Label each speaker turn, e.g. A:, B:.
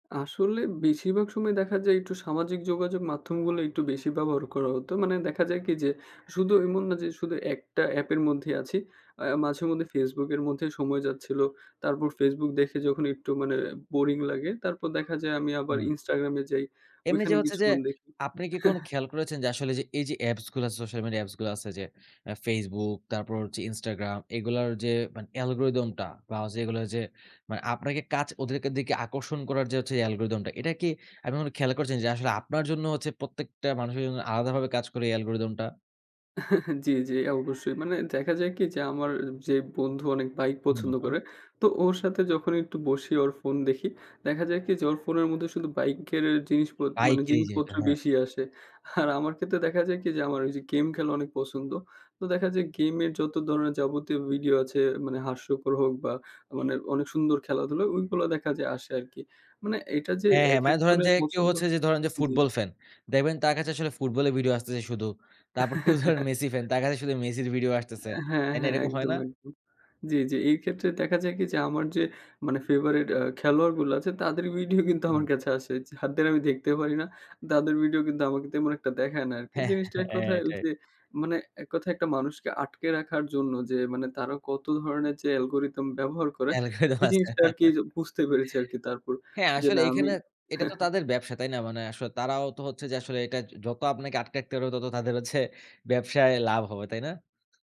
A: আসলে বেশিরভাগ সময় দেখা যায়, একটু সামাজিক যোগাযোগ মাধ্যমগুলো একটু বেশি ব্যবহার করা হতো। মানে দেখা যায় কি? যে, শুধু এমন না যে, শুধু একটা অ্যাপের মধ্যে আছি। আ মাঝে-মধ্যে Facebook এর মধ্যে সময় যাচ্ছিলো, তারপর Facebook দেখে যখন একটু মানে বোরিং লাগে, তারপর দেখা যায় আমি আবার
B: হুম।
A: Instagram এ যাই,
B: এমনি
A: ওইখানে
B: যে হচ্ছে যে,
A: কিছুক্ষণ দেখি
B: আপনি কি কোন খেয়াল করেছেন যে, আসলে এই যে অ্যাপস গুলো আছে সোশ্যাল মিডিয়া অ্যাপস গুলো আছে যে, আ Facebook, তারপর হচ্ছে Instagram এগুলার যে, মানে অ্যালগরিথম টা বা এগুলো যে, মানে আপনাকে কাচ ওদেরকে দিকে আকর্ষণ করার যে হচ্ছে, অ্যালগরিথম টা। এটা কি আপনি কখনো খেয়াল করেছেন যে, আসলে আপনার জন্য হচ্ছে প্রত্যেকটা মানুষের জন্য আলাদাভাবে কাজ করে, এই অ্যালগরিথম টা?
A: জ্বি, জ্বি, অবশ্যই। মানে দেখা যায় কি? যে, আমার যে বন্ধু অনেক বাইক
B: হুম,
A: পছন্দ
B: হুম।
A: করে। তো ওর সাথে যখন একটু বসি, ওর ফোন দেখি। দেখা যায় কি? যে, ওর ফোনের মধ্যে শুধু বাইকের জিনিস গুলো, মানে
B: বাইকেরই জিনিস,
A: জিনিসপত্র
B: হ্যাঁ।
A: বেশি আসে। আর আমার ক্ষেত্রে দেখা যায় কি? যে, আমার ওই যে গেম খেলা অনেক পছন্দ। তো দেখা যায় গেমের যত ধরনের যাবতীয় ভিডিও আছে, মানে হাস্যকর হোক বা মানে অনেক সুন্দর খেলাধুলো; ওইগুলো দেখা যায় আসে আর কি। মানে এটা যে
B: হ্যাঁ, হ্যাঁ।
A: একেক
B: মানে ধরেন
A: জনের
B: যে কেউ
A: পছন্দ
B: হচ্ছে যে ধরেন যে,
A: জ্বি, জ্বি।
B: Football fan. দেখবেন তার কাছে আসলে ফুটবলের ভিডিও আসতেছে শুধু। তারপর কেউ ধরেন মেসি ফ্যান, তার কাছে শুধু মেসির ভিডিও আসতেছে।
A: অ্যা হ্যাঁ,
B: তাই না?
A: হ্যাঁ।
B: এরকম হয়
A: একদম,
B: না?
A: একদম। জ্বি, জ্বি। এই ক্ষেত্রে দেখা যায় কি? যে, আমার যে মানে ফেভারিট এ্যা খেলোয়াড় গুলো আছে। তাদের ভিডিও কিন্তু
B: হুম।
A: আমার কাছে আসে। যাদের আমি দেখতে পারি না। তাদের ভিডিও কিন্তু আমাকে তেমন একটা দেখায় না আরকি।
B: হ্যাঁ।
A: জিনিসটা এক
B: হ্যাঁ,
A: কথায় ওই
B: এটাই।
A: যে, মানে এক কথায় একটা মানুষকে আটকে রাখার জন্য যে, মানে তারা কত ধরণের যে অ্যালগরিথম ব্যবহার করে,
B: অ্যালগরিথম
A: এই
B: আছে।
A: জিনিসটা আরকি বুঝতে পেরেছে আরকি তারপর।
B: হ্যাঁ।
A: যে
B: আসলে
A: না, আমি
B: এইখানে, এটা
A: হ্যাঁ,
B: তো
A: হ্যাঁ।
B: তাদের ব্যবসা। তাই না? মানে আসলে তারাও তো হচ্ছে যে, আসলে এইটা য যত আপনাকে আটকে রাখতে পারবে, তত তাদের হচ্ছে ব্যবসায় লাভ হবে, তাই না?